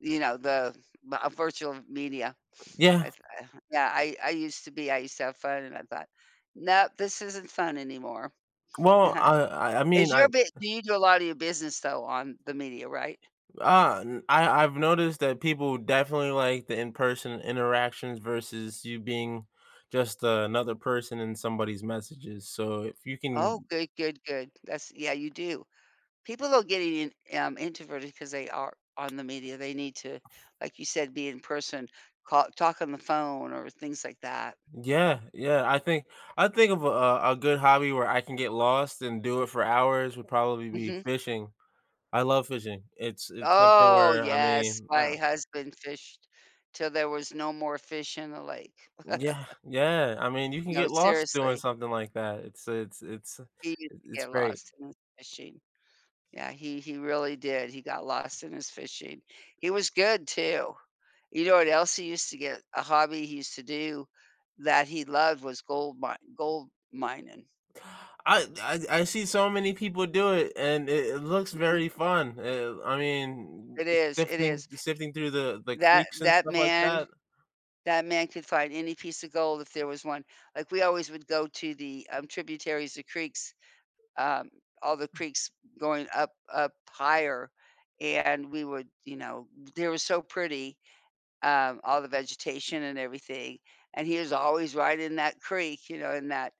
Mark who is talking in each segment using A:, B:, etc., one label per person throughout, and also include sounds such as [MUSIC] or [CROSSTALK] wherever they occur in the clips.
A: You know, the the, uh, virtual media,
B: Yeah.
A: I th I huh yeah, I I used to be I used to have fun and I thought, "No, this isn't fun anymore."
B: Well,
A: Uh-huh.
B: I I I mean,
A: Is
B: I
A: your bi
B: uh
A: do you do a lot of your business though on the media, right?
B: Uh, n I I've noticed that people definitely like the in-person interactions versus you being just another person in somebody's messages, so if you
A: Oh,
B: can
A: good, good, good. That's yeah, you do. People are getting in um, introverted 'cause they are on the media, they need to, like you said, be in person, call talk on the phone or things like that.
B: Yeah, yeah, I think I think of a, uh, a good hobby where I can get lost and do it for hours would probably be
A: Mhm.
B: fishing. I love fishing. It's it's something
A: Oh,
B: where, I
A: yes,
B: mean, uh
A: my husband fished till there was no more fish in the lake.
B: Mm, yeah,
A: [CHUCKLES]
B: yeah, I mean, you can
A: No,
B: get lost doing
A: seriously.
B: something like that. It's it's it's, uh,
A: He used
B: it
A: to
B: it's
A: get
B: great.
A: lost in his fishing. Yeah, he he really did. He got lost in his fishing. He was good too, you know what else he used to get a hobby he used to do that he loved was gold mine gold mining.
B: I I I see so many people do it, and it it looks
A: Mhm.
B: very fun, uh, I mean,
A: It is, it
B: sifting
A: is
B: sifting through the the
A: that
B: creeks and
A: that
B: stuff like
A: man
B: that.
A: that man could find any piece of gold if there was one, like, we always would go to the, um, tributaries, the creeks, um, all the creeks going up up higher, and we would, you know, they were so pretty, um, all the vegetation and everything, and he was always right in that creek, you know, in that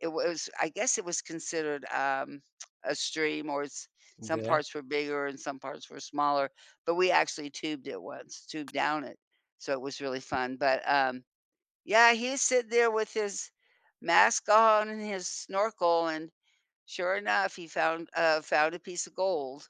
A: it was, I guess it was considered, [SMACKS LIPS] um, a stream or it's some
B: Yeah.
A: parts were bigger and some parts were smaller, but we actually tubed it once, tubed down it, so it was really fun, but, um, yeah, he's sit there with his mask on and his snorkel and sure enough, he found, uh, found a piece of gold.